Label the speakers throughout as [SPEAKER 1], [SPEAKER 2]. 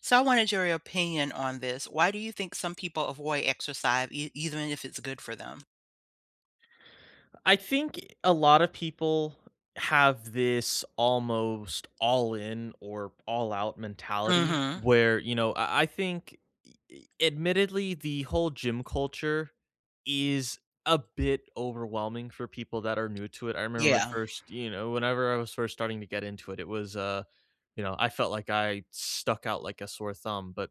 [SPEAKER 1] So, I wanted your y opinion on this, why do you think some people avoid exercise e even if it's good for them?
[SPEAKER 2] Uh, I think y a lotta people have this almost, "all-in or all-out mentality,"
[SPEAKER 1] Mhm.
[SPEAKER 2] where, you know I I think e e admittedly the whole gym culture is a bit overwhelming for people that are new to it. I remember my
[SPEAKER 1] Yeah.
[SPEAKER 2] 1st you know, whenever I was first starting to get into it it was, uh, you know, I felt like I stuck out like a sore thumb, but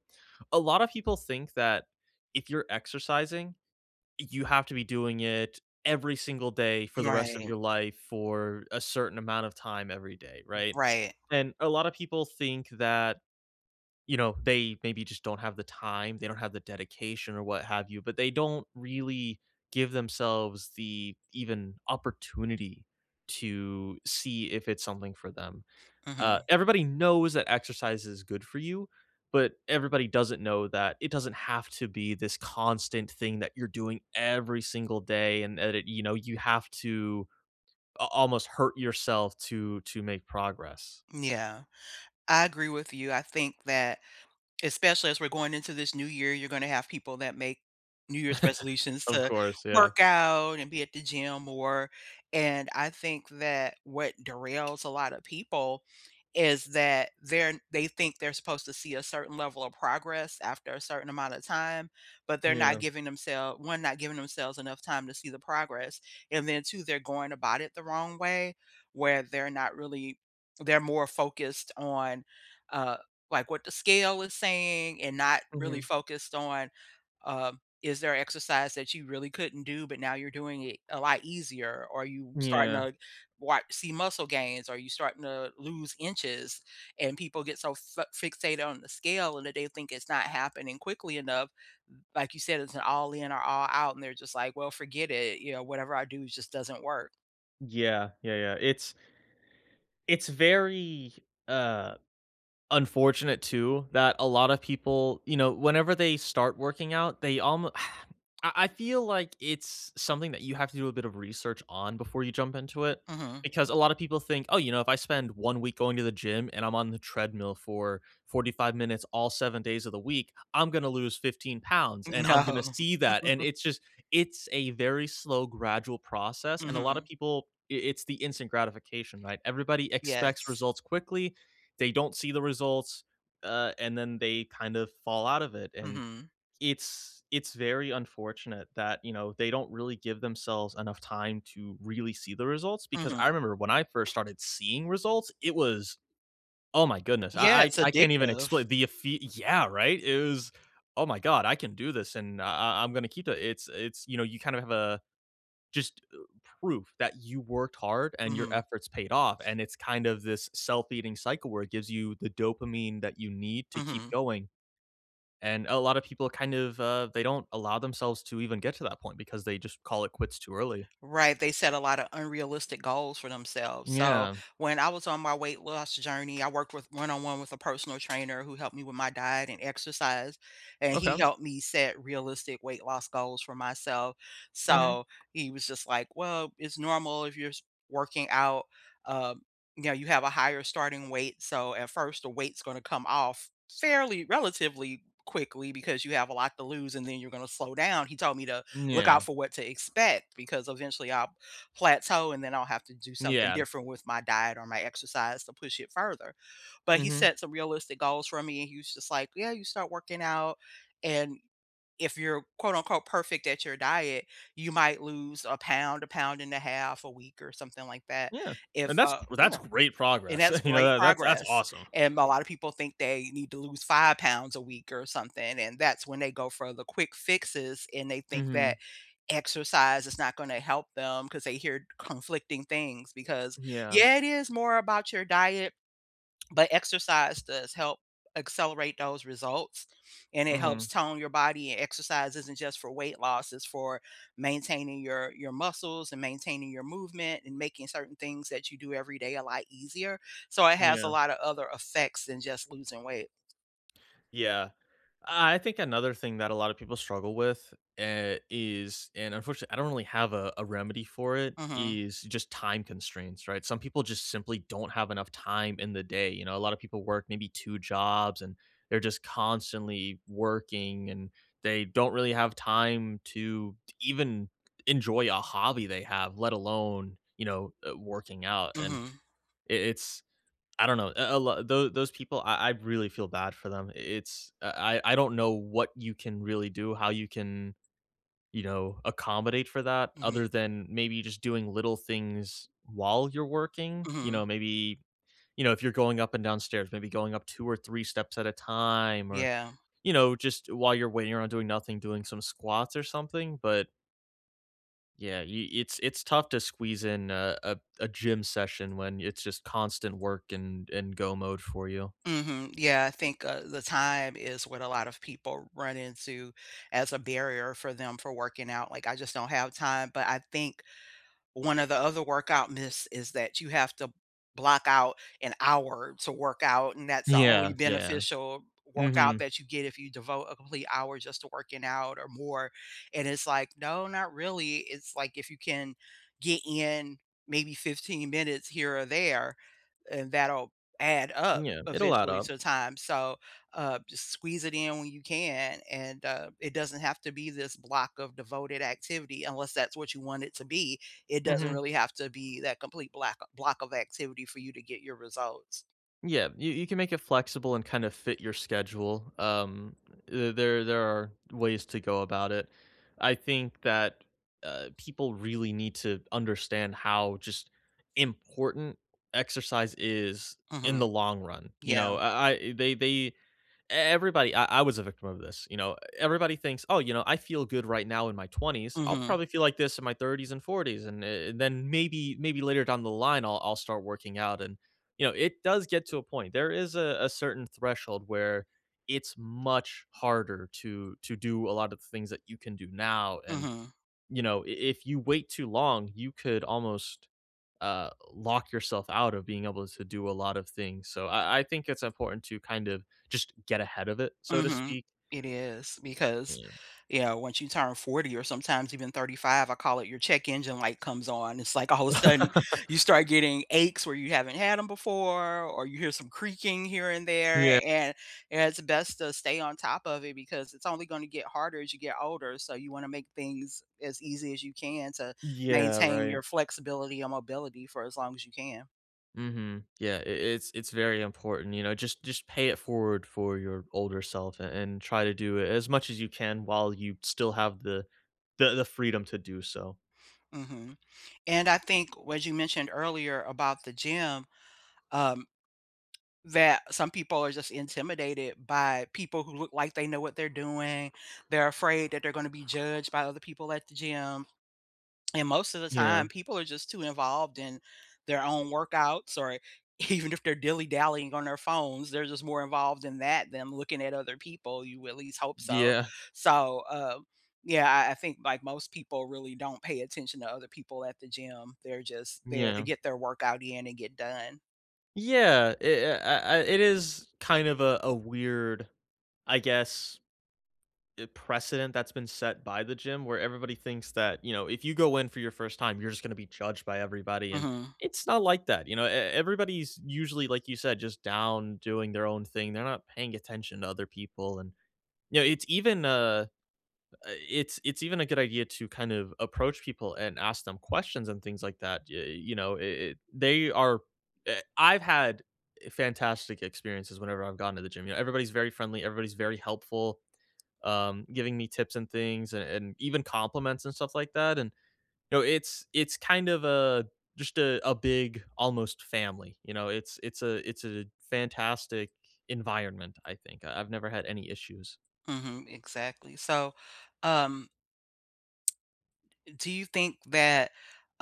[SPEAKER 2] a lot of people think that if you're exercising, you have to be doing it every single day for the rest of
[SPEAKER 1] Right.
[SPEAKER 2] your life for a certain amount of time every day,
[SPEAKER 1] R
[SPEAKER 2] right?
[SPEAKER 1] right.
[SPEAKER 2] And a lot of people think that, you know, they maybe just don't have the time, they don't have the dedication or what have you, but they don't really give themselves the even opportunity to see if it's something for them. Uh,
[SPEAKER 1] Mhm.
[SPEAKER 2] everybody knows that exercise is good for you, but everybody doesn't know that it doesn't have to be this constant thing that you're doing every single day and and that it you know, you have to a almost hurt yourself to to make progress.
[SPEAKER 1] Mm, yeah. I agree with you, I think that especially as we're going into this new year, you're gonna have people that make New Year's resolutions
[SPEAKER 2] Of
[SPEAKER 1] to
[SPEAKER 2] course, yeah.
[SPEAKER 1] work out and be at the gym more, and I think that what derails a lotta people is that they're n they think they're supposed to see a certain level of progress after a certain amount of time, but they're not
[SPEAKER 2] Yeah.
[SPEAKER 1] giving themsel 1, not giving themselves enough time to see the progress, and then 2, they're going about it the wrong way where they're not really they're more focused on, uh, like, "What the scale is saying," and not really
[SPEAKER 2] Mhm.
[SPEAKER 1] focused on, um, "Is there exercise that you really couldn't do, but now you're doing it a lot easier? Are you
[SPEAKER 2] Mm,
[SPEAKER 1] starting
[SPEAKER 2] yeah.
[SPEAKER 1] to wat see muscle gains? Are you starting to lose inches?" And people get so fa fixated on the scale and that they think it's not happening quickly enough. Like you said, it's an all-in or all-out, and they're just like, "Well, forget it," you know, "whatever I do just doesn't work."
[SPEAKER 2] Yeah. Yeah, yeah. It's It's very, uh, unfortunate too that a lotta people, you know, whenever they start working out, they almo I I feel like it's something that you have to do a bit of research on before you jump into it,
[SPEAKER 1] Mhm.
[SPEAKER 2] because a lotta people think, "Oh, you know, if I spend one week going to the gym and I'm on the treadmill for 45 minutes all 7 days of the week, I'm gonna lose 15 pounds and I'm gonna
[SPEAKER 1] No.
[SPEAKER 2] see that." And it's just it's a very slow gradual process, and a lotta
[SPEAKER 1] Mhm.
[SPEAKER 2] people i it's the instant gratification, right? Everybody expects
[SPEAKER 1] Yes.
[SPEAKER 2] results quickly. They don't see the results, uh, and then they kind of fall out of it, and
[SPEAKER 1] Mhm.
[SPEAKER 2] it's it's very unfortunate that, you know, they don't really give themselves enough time to really see the results, because
[SPEAKER 1] Mhm.
[SPEAKER 2] I remember when I first started seeing results, it was oh my goodness, I
[SPEAKER 1] Yeah,
[SPEAKER 2] I
[SPEAKER 1] it's
[SPEAKER 2] I can't even
[SPEAKER 1] addictive.
[SPEAKER 2] explain the ephe Yeah, right? It was, "Oh my God, I can do this and I I I'm gonna keep it." It's it's, you know, you kinda have a just proof that you worked hard and your
[SPEAKER 1] Mhm.
[SPEAKER 2] efforts paid off and it's kind of this self-eating cycle where it gives you the dopamine that you need to keep
[SPEAKER 1] Mhm.
[SPEAKER 2] going. And a lotta people, kind of, uh, they don't allow themselves to even get to that point because they just call it quits too early.
[SPEAKER 1] Right, they set a lotta unrealistic goals for themselves, so,
[SPEAKER 2] Yeah.
[SPEAKER 1] when I was on my weight loss journey, I worked with one-on-one with a personal trainer who helped me with my diet and exercise, and he
[SPEAKER 2] Okay.
[SPEAKER 1] helped me set realistic weight loss goals for myself,
[SPEAKER 2] Mhm.
[SPEAKER 1] so, he was just like, "Well, it's normal if you're s working out, uh, you know, you have a higher starting weight, so, at first, the weight's gonna come off fairly relatively quickly because you have a lot to lose, and then you're gonna slow down." He told me to
[SPEAKER 2] Mm,
[SPEAKER 1] look out
[SPEAKER 2] yeah.
[SPEAKER 1] for what to expect because, eventually, I'll plateau, and then I'll have to do something
[SPEAKER 2] Yeah.
[SPEAKER 1] different with my diet or my exercise to push it further. But he
[SPEAKER 2] Mhm.
[SPEAKER 1] set some realistic goals for me and he was just like, "Yeah, you start working out. And if you're, quote, unquote, 'perfect' at your diet, you might lose a pound, a pound and a half a week or something like that,
[SPEAKER 2] Yeah.
[SPEAKER 1] if,
[SPEAKER 2] And that's
[SPEAKER 1] uh"
[SPEAKER 2] w that's
[SPEAKER 1] Yeah,
[SPEAKER 2] great
[SPEAKER 1] and
[SPEAKER 2] progress, uh,
[SPEAKER 1] that's
[SPEAKER 2] you know,
[SPEAKER 1] great
[SPEAKER 2] tha that's that's
[SPEAKER 1] progress,
[SPEAKER 2] awesome.
[SPEAKER 1] and a lot of people think they need to lose 5 pounds a week or something, and that's when they go for the quick fixes, and they think that
[SPEAKER 2] Mhm.
[SPEAKER 1] exercise is not gonna help them, 'cause they hear conflicting things. Because
[SPEAKER 2] Yeah.
[SPEAKER 1] Yeah, it is more about your diet, but exercise does help accelerate those results, and it helps
[SPEAKER 2] Mhm.
[SPEAKER 1] tone your body, and exercise isn't just for weight loss, it's for maintaining your your muscles and maintaining your movement and making certain things that you do every day a lot easier, so it has a
[SPEAKER 2] Yeah.
[SPEAKER 1] lotta other effects than just losing weight.
[SPEAKER 2] Yeah. I I think another thing that a lotta people struggle with, eh, is- and, unfortunately, I don't really have a a remedy for it-
[SPEAKER 1] Mhm.
[SPEAKER 2] is just time constraints, right? Some people just simply don't have enough time in the day, you know, a lotta people work maybe 2 jobs and they're just constantly working and they don't really have time to to even enjoy a hobby they have let alone, you know, uh, working out and
[SPEAKER 1] Mhm.
[SPEAKER 2] i it's I don't know, a a l tho those people I I really feel bad for them. I it's I I I don't know what you can really do, how you can, you know, accommodate for that
[SPEAKER 1] Mhm.
[SPEAKER 2] other than maybe just doing little things while you're working. You
[SPEAKER 1] Mhm.
[SPEAKER 2] know, maybe, you know, if you're going up and down stairs, maybe going up 2 or 3 steps at a time or,
[SPEAKER 1] Yeah.
[SPEAKER 2] you know, just while you're waiting around doing nothing, doing some squats or something, but yeah, you it's it's tough to squeeze in a a a gym session when it's just constant work and and go mode for you.
[SPEAKER 1] Mhm, yeah, I think, uh, the time is what a lot of people run into as a barrier for them for working out, like, I just don't have time, but I think one of the other workout myths is that you have to block out an hour to workout, and that's the only
[SPEAKER 2] Yeah, yeah.
[SPEAKER 1] beneficial workout
[SPEAKER 2] Mhm.
[SPEAKER 1] that you get if you devote a complete hour just to working out or more, and it's like, "No, not really," it's like, if you can get in maybe 15 minutes here or there, and that'll add up
[SPEAKER 2] Yeah, it'll add
[SPEAKER 1] eventually
[SPEAKER 2] up.
[SPEAKER 1] to time. So, uh, just squeeze it in when you can, and, uh, it doesn't have to be this block of devoted activity unless that's what you want it to be. It doesn't
[SPEAKER 2] Mhm.
[SPEAKER 1] really have to be that complete black block of activity for you to get your results.
[SPEAKER 2] Yeah, you you can make it flexible and kind of fit your schedule. Um, the there there are ways to go about it. I think that, uh, people really need to understand how just important exercise is in
[SPEAKER 1] Mhm.
[SPEAKER 2] the long run. You
[SPEAKER 1] Yeah.
[SPEAKER 2] know? I I they they e everybody I I was a victim of this, you know? Everybody thinks, "Oh, you know, I feel good right now in my 20s. I'll
[SPEAKER 1] Mhm.
[SPEAKER 2] probably feel like this in my 30s and 40s. And, eh, then maybe maybe later down the line, I'll I'll start working out." And, you know, it does get to a point, there is a certain threshold where it's much harder to to do a lot of things that you can do now. And,
[SPEAKER 1] Mhm.
[SPEAKER 2] you know, i if you wait too long, you could almost, uh, lock yourself out of being able to do a lot of things. So, I I think it's important to kind of just get ahead of it so to
[SPEAKER 1] Mhm.
[SPEAKER 2] speak.
[SPEAKER 1] It is, because,
[SPEAKER 2] Yeah.
[SPEAKER 1] you know, once you turn 40 or sometimes even 35, I call it your check engine light comes on. It's like all of a sudden, you start getting aches where you haven't had 'em before or you hear some creaking here and there,
[SPEAKER 2] Yeah.
[SPEAKER 1] and and it's best to stay on top of it because it's only gonna get harder as you get older. So, you wanna make things as easy as you can to
[SPEAKER 2] Yeah,
[SPEAKER 1] maintain
[SPEAKER 2] right.
[SPEAKER 1] your flexibility and mobility for as long as you can.
[SPEAKER 2] Mhm. Yeah, I it's it's very important, you know? Just just pay it forward for your older self and and try to do it as much as you can while you still have the the the freedom to do so.
[SPEAKER 1] Mhm. And I think what you mentioned earlier about the gym, um, that some people are just intimidated by people who look like they know what they're doing, they're afraid that they're gonna be judged by other people at the gym and most of the
[SPEAKER 2] Yeah.
[SPEAKER 1] time, people are just too involved in their own workouts, or even if they're dilly dallying on their phones, they're just more involved in that than looking at other people, you at least hope so.
[SPEAKER 2] Yeah.
[SPEAKER 1] So, uh, yeah, I I think, like, most people really don't pay attention to other people at the gym they're just there to
[SPEAKER 2] Yeah.
[SPEAKER 1] get their workout in and get done.
[SPEAKER 2] Yeah. I uh uh, I It is kind of a a weird, I guess, i precedent that's been set by the gym where everybody thinks that, you know, if you go in for your first time, you're just gonna be judged by everybody and
[SPEAKER 1] Mhm.
[SPEAKER 2] it's not like that, you know? E everybody's usually, like you said, just down doing their own thing, they're not paying attention to other people and, you know, it's even, uh uh, it's it's even a good idea to kind of approach people and ask them questions and things like that, ya uh, you know, i it they are uh I've had i fantastic experiences whenever I've gone to the gym, yeah, everybody's very friendly, everybody's very helpful, um, giving me tips and things and and even compliments and stuff like that, and No, it's it's kind of a just a a big almost family, you know, it's it's a it's a fantastic environment, I think, I I've never had any issues.
[SPEAKER 1] Mhm, exactly. So, um d do you think that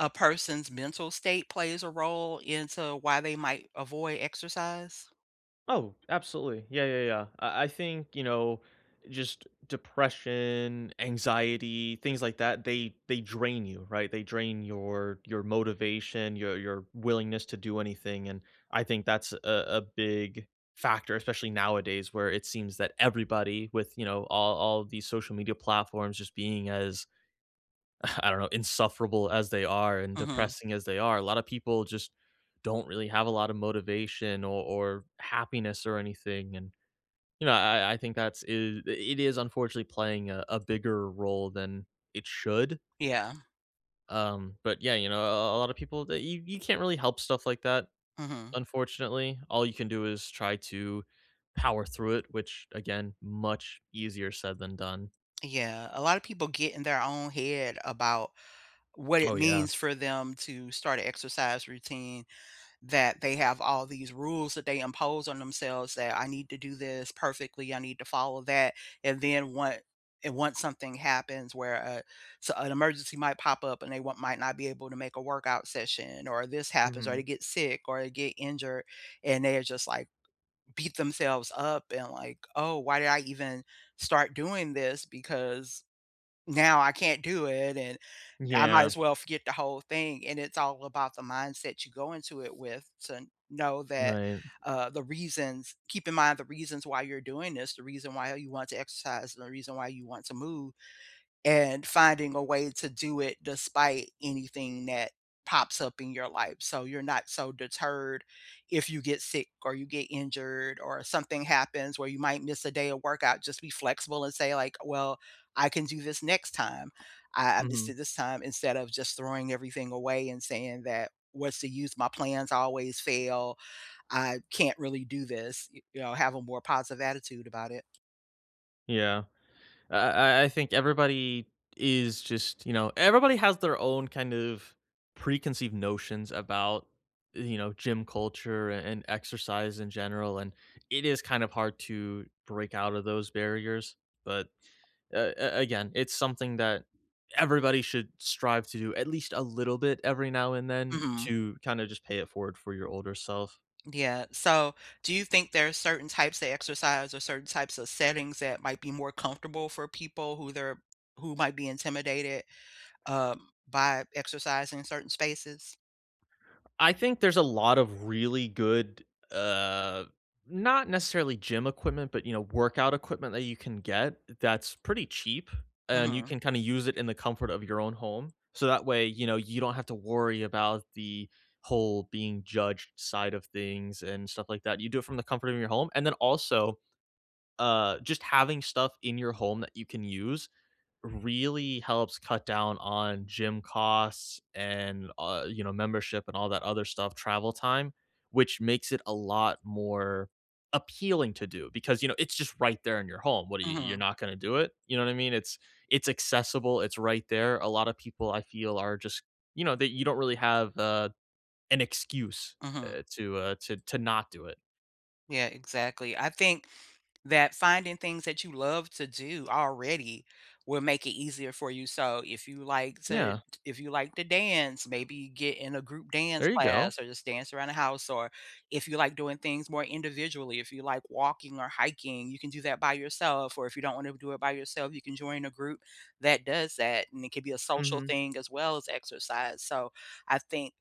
[SPEAKER 1] a person's mental state plays a role into why they might avoid exercise?
[SPEAKER 2] Oh, absolutely. Yeah, yeah, yeah. I I think, you know, just depression, anxiety, things like that, they they drain you, right? They drain your your motivation, your your willingness to do anything, and I think that's a a big factor, especially nowadays, where it seems that everybody with, you know, all all these social media platforms just being as I don't know, insufferable as they are and
[SPEAKER 1] Mhm.
[SPEAKER 2] depressing as they are, a lotta people just don't really have a lotta motivation o or happiness or anything, and, you know, I I I think that's i it is unfortunately playing a a bigger role than it should.
[SPEAKER 1] Yeah.
[SPEAKER 2] Um, but yeah, you know a a a a lotta people that you you can't really help stuff like that,
[SPEAKER 1] Mhm.
[SPEAKER 2] unfortunately. All you can do is try to power through it, which again much easier said than done.
[SPEAKER 1] Yeah. A lotta people get in their own head about what it
[SPEAKER 2] Oh, yeah.
[SPEAKER 1] means for them to start a exercise routine, that they have all these rules that they impose on themselves that "I need to do this perfectly, I need to follow that," and then one and once something happens where a so, an emergency might pop up and they want might not be able to make a workout session or this happens or they
[SPEAKER 2] Mhm.
[SPEAKER 1] get sick or they get injured, and they are just, like beat themselves up and like, "Oh, why did I even start doing this? Because now I can't do it, and, eh, I might
[SPEAKER 2] Yeah.
[SPEAKER 1] as well forget the whole thing." And it's all about the mindset you go into it with to know that,
[SPEAKER 2] Right.
[SPEAKER 1] uh, the reasons keep in mind the reasons why you're doing this, the reason why you want to exercise, the reason why you want to move, and finding a way to do it despite anything that pops up in your life, so you're not so deterred if you get sick or you get injured or something happens where you might miss a day of workout, just be flexible and say, like, "Well, I can do this next time. I I missed
[SPEAKER 2] Mhm.
[SPEAKER 1] it this time," instead of just throwing everything away and saying that, "What's the use? My plans always fail. I can't really do this." Y you know, have a more positive attitude about it.
[SPEAKER 2] Yeah. I I I think everybody, is just you know everybody has their own kind of, preconceived notions about, e you know, gym culture and exercise in general, and it is kind of hard to, break out of those barriers. But, a a again, it's something that, everybody should, strive to do at least a little bit every now and then
[SPEAKER 1] Mhm.
[SPEAKER 2] to kinda just pay it forward for your older self.
[SPEAKER 1] D yeah, so, do you think there are certain types of exercise or certain types of settings that might be more comfortable for people who they're who might be intimidated, um, by exercising in certain spaces?
[SPEAKER 2] I think there's a lot of really good, uh, not necessarily gym equipment, but, you know, workout equipment that you can get that's pretty cheap, and you
[SPEAKER 1] Mhm.
[SPEAKER 2] can kinda use it in the comfort of your own home, so, that way, you know, you don't have to worry about the whole being judged side of things, and stuff like that, you do it from the comfort of your home, and then also, uh, just having stuff in your home you can use, really helps cut down on gym costs, and, uh, you know, membership and all that other stuff, travel time, which makes it a lot more, appealing to do because, you know, it's just right there in your home. W what are y you you're
[SPEAKER 1] Mhm.
[SPEAKER 2] not gonna do it, you know what I mean? It's it's accessible it's right there, a lotta people I feel are just, you know that you don't really have, uh, an excuse,
[SPEAKER 1] Mhm.
[SPEAKER 2] uh, to, uh, to to not do it.
[SPEAKER 1] Yeah, exactly. I think that finding things that you love to do already will make it easier for you, so if you like to
[SPEAKER 2] Yeah.
[SPEAKER 1] if you like to dance, maybe get in a group dance
[SPEAKER 2] There you go.
[SPEAKER 1] class or just dance around the house, or if you like doing things more individually, if you like walking or hiking, you can do that by yourself, or if you don't wanna do it by yourself, you can join a group that does that, and it could be a social
[SPEAKER 2] Mhm.
[SPEAKER 1] thing as well as exercise. So, I think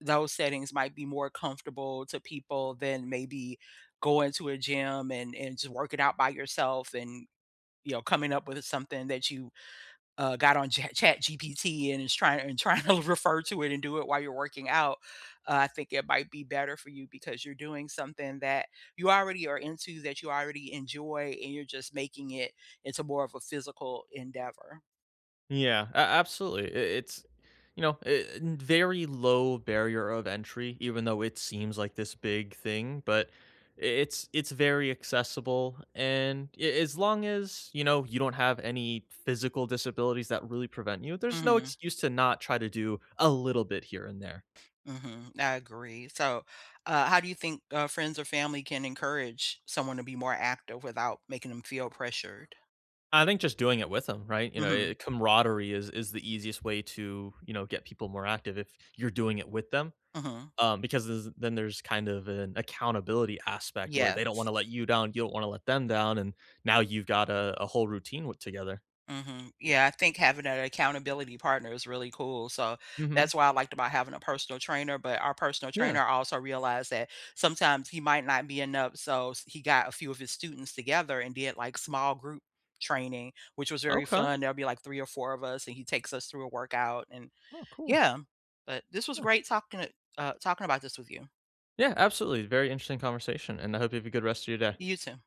[SPEAKER 1] those settings might be more comfortable to people than maybe going to a gym and and just working out by yourself and, you know, coming up with, uh, something that you, uh, got on Chat ChatGPT and is trying and tryna refer to it and do it while you're working out, uh, I think it might be better for you because you're doing something that you already are into, that you already enjoy, and you're just making it into more of a physical endeavor.
[SPEAKER 2] Yeah, a absolutely, i it's, you know, i in very low barrier of entry even though it seems like this big thing, but i it's it's very accessible, and a as long as, you know, you don't have any physical disabilities that really prevent you, there's no
[SPEAKER 1] Mhm.
[SPEAKER 2] excuse to not try to do a little bit here and there.
[SPEAKER 1] Mhm. I agree. So, uh, how do you think, uh, friends or family can encourage someone to be more active without making ‘em feel pressured?
[SPEAKER 2] I think just doing it with ‘em, right? You know, eh eh,
[SPEAKER 1] Mhm.
[SPEAKER 2] camaraderie is is the easiest way to, you know, get people more active if you're doing it with them,
[SPEAKER 1] Mhm.
[SPEAKER 2] um, because this then there's kind of an accountability aspect where they don't
[SPEAKER 1] Yes.
[SPEAKER 2] wanna let you down, you don't wanna let them down and now you've got a a whole routine with together.
[SPEAKER 1] Mhm. Yeah, I think having an accountability partner is really cool, so,
[SPEAKER 2] Mhm.
[SPEAKER 1] that's why I liked about having a personal trainer, but our personal
[SPEAKER 2] Yeah.
[SPEAKER 1] trainer also realized that sometimes he might not be enough. So, s he got a few of his students together and did, like, small group training, which was very
[SPEAKER 2] Okay.
[SPEAKER 1] fun, there'll be, like, 3 or 4 of us, and he takes us through a workout, and
[SPEAKER 2] Oh, cool.
[SPEAKER 1] yeah. But this was
[SPEAKER 2] Yeah.
[SPEAKER 1] great talking to uh, talking about this with you.
[SPEAKER 2] Yeah, absolutely, very interesting conversation, and I hope you have a good rest of your day.
[SPEAKER 1] You too.